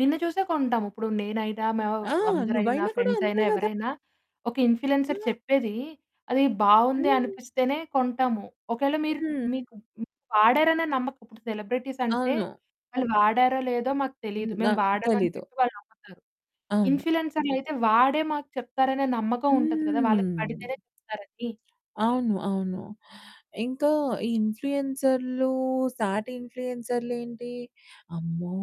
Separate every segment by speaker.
Speaker 1: నిన్ను చూసే కొంటాము. ఇప్పుడు నేనైనా, మేవ్
Speaker 2: ఆ!
Speaker 1: అందరైనా,
Speaker 2: నువ్వైనా కూడా అంతే
Speaker 1: ఫ్రెండ్సయినా,
Speaker 2: గదా!
Speaker 1: ఎవరైనా ఒక ఇన్‌ఫ్లియెన్సర్
Speaker 2: ఆ!
Speaker 1: చెప్పేదీ, అది బావుంది
Speaker 2: హ్మ్.
Speaker 1: అనిపిస్తేనే కొంటాము. ఒకేళ మీరు
Speaker 2: హ్మ్.
Speaker 1: మీకు హ్మ్. వాడారనే నమ్మక ఉప్పుడు సెలెబ్రిటీసంటే,
Speaker 2: అవును.
Speaker 1: వాళ్ళు వాడారో లేదో మాకు తెలీదు,
Speaker 2: హ్మ్.
Speaker 1: మేము
Speaker 2: నాక్
Speaker 1: వాడామని
Speaker 2: తెలీదు.
Speaker 1: చెప్పి వాళ్ళు నమ్ముతారు.
Speaker 2: అవును.
Speaker 1: ఇన్‌ఫ్లుయెన్సర్లయితే వాడే మాకు చెప్తారనే నమ్మకం ఉంటది కదా, వాళ్ళకి
Speaker 2: హ్మ్.
Speaker 1: పడితేనే చెప్తారనీ.
Speaker 2: అవును. అవును. ఇంకా ఈ ఇన్‌ఫ్లూయెన్సర్లూ సాటి ఇన్‌ఫ్లుయెన్సర్లేంటి, అమ్మో!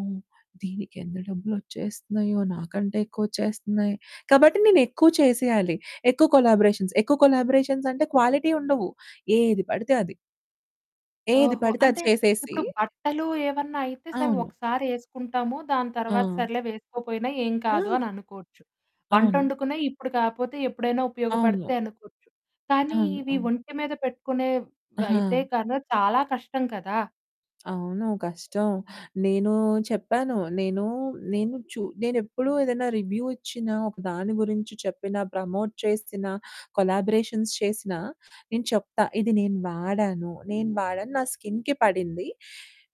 Speaker 2: దీనికెంత డబ్బులొచ్చేస్తన్నాయో, నాకంటే ఎక్కువొచ్చేస్తన్నాయి. కాబట్టి, నేనెక్కువ చేసెయాలి. ఎక్కువ కొలాబరేషన్స్. ఎక్కువ కొలాబరేషన్సంటే, క్వాలిటీ ఉండవు, ఏది పడితే అది. ఏది
Speaker 1: ఓహో!
Speaker 2: పడితే అది
Speaker 1: అంటే,
Speaker 2: చేసేసి
Speaker 1: ఇప్పుడు బట్టలు ఏవన్నా అయితే, సరే
Speaker 2: అవును.
Speaker 1: ఒకసారేసుకుంటాము, దాని తర్వాత
Speaker 2: ఆ!
Speaker 1: సర్లే వేసుకోపోయినా ఏం కాదు
Speaker 2: ఆ!
Speaker 1: అననుకోచ్చు.
Speaker 2: అవును.
Speaker 1: వంటొడుకునేయి ఇప్పుడు కాపోతే ఎప్పుడైనా
Speaker 2: అవును.
Speaker 1: ఉపయోగపడతయి అనుకోచ్చు, కానీ
Speaker 2: అవును.
Speaker 1: ఇవి
Speaker 2: అవును.
Speaker 1: ఒంటి మీద పెట్టుకునేవైతే
Speaker 2: ఆహా!
Speaker 1: కానా చాలా కష్టం కదా!
Speaker 2: అవును. కష్టం. నేనూ చెప్పాను. నేనూ నేను చు నేనెప్పుడూ ఏదన్నా రివ్యూ ఇచ్చినా, ఒక దాని గురించి చెప్పినా, ప్రమోట్ చేసినా, కొలాబరేషన్స్ చేసినా, నేను చెప్తా. ఇది నేను వాడాను, నేను వాడాను, నా స్కిన్‌కి పడింది.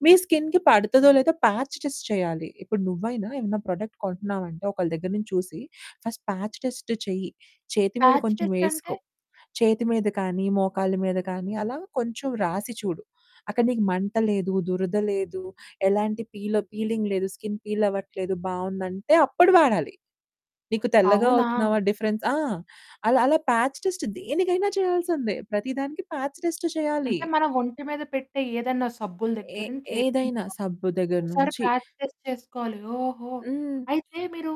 Speaker 2: మీ స్కిన్‌కి పడతదో, లేదో ప్యాచ్ టెస్ట్ చెయ్యాలి. ఇప్పుడు నువ్వైనా ఏమన్నా ప్రొడక్ట్ కొంటన్నావంటే ఒకళ్ళ దగ్గర నుంచి చూసి, ఫస్ట్ ప్యాచ్ టెస్ట్ చెయ్యి. చేతి మీద
Speaker 1: ప్యాచ్
Speaker 2: కొంచెం వేసుకో,
Speaker 1: టెస్టంటే?
Speaker 2: చేతి మీద కానీ, మోకాళ్ళ మీద కానీ, అలా కొంచెం రాసి చూడు. అక్కడ నీకు మంట లేదు, దురద లేదు, ఎలాంటి పీలో పీలింగ్ లేదు, స్కిన్ పీలవ్వట్లేదు, బావుందంటే అప్పుడు వాడాలి. నీకు తెల్లగా
Speaker 1: అవునా!
Speaker 2: అవుతున్నావా డిఫరెన్స్ ఆ! అలా అలా ప్యాచ్ టెస్ట్ దేనికైనా చెయ్యాల్సిందే. ప్రతి దానికి ప్యాచ్ టెస్టు చెయ్యాలి.
Speaker 1: అంటే, మనం ఒంటి మీద పెట్టే ఏదన్నా సబ్బుల
Speaker 2: ఏ
Speaker 1: దగ్గర నుంచి
Speaker 2: ఏదైనా
Speaker 1: ఏదైన్నా
Speaker 2: సబ్బు దగ్గర
Speaker 1: ఒకసారి
Speaker 2: నుంచి.
Speaker 1: ప్యాచ్ టెస్ట్ చేసుకోవాలి. ఓహో!
Speaker 2: హ్మ్.
Speaker 1: అయితే మీరూ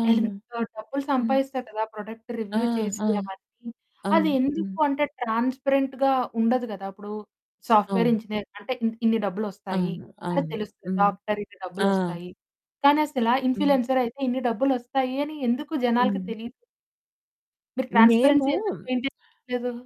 Speaker 2: అవును.
Speaker 1: ఎలిమ్ సో, డబ్బులు
Speaker 2: హ్మ్.
Speaker 1: సంపాదిస్తారు కదా! ప్రొడక్ట్
Speaker 2: ఆ!
Speaker 1: రివ్యూ చేసి
Speaker 2: ఆ!
Speaker 1: అవన్నీ. అది
Speaker 2: అవును.
Speaker 1: ఎందుకు
Speaker 2: హ్మ్.
Speaker 1: అంటే, ట్రాన్స్‌పరెంటుగా ఉండదు గదా! ఇప్పుడూ సాఫ్ట్‌వేర్
Speaker 2: అవును.
Speaker 1: ఇంజనీర్ అంటే, ఇన్ ఇన్ని డబ్బులొస్తాయి,
Speaker 2: అవును.
Speaker 1: అని
Speaker 2: అవును.
Speaker 1: తెలుస్తది.
Speaker 2: హ్మ్.
Speaker 1: డాక్టర్ ఇన్ని
Speaker 2: ఆ!
Speaker 1: డబ్బులొస్తాయి, కానసలా
Speaker 2: హ్మ్.
Speaker 1: ఇన్‌ఫ్లుయెన్సరయితే ఇన్ని డబ్బులొస్తాయి అని ఎందుకు జనాలకి
Speaker 2: హ్మ్.
Speaker 1: తెలీదు. మీరు ట్రాన్స్‌పరెన్సీ
Speaker 2: మేమూ
Speaker 1: ఎందుకు మెయింటెయిన్ చేయట్లేదు.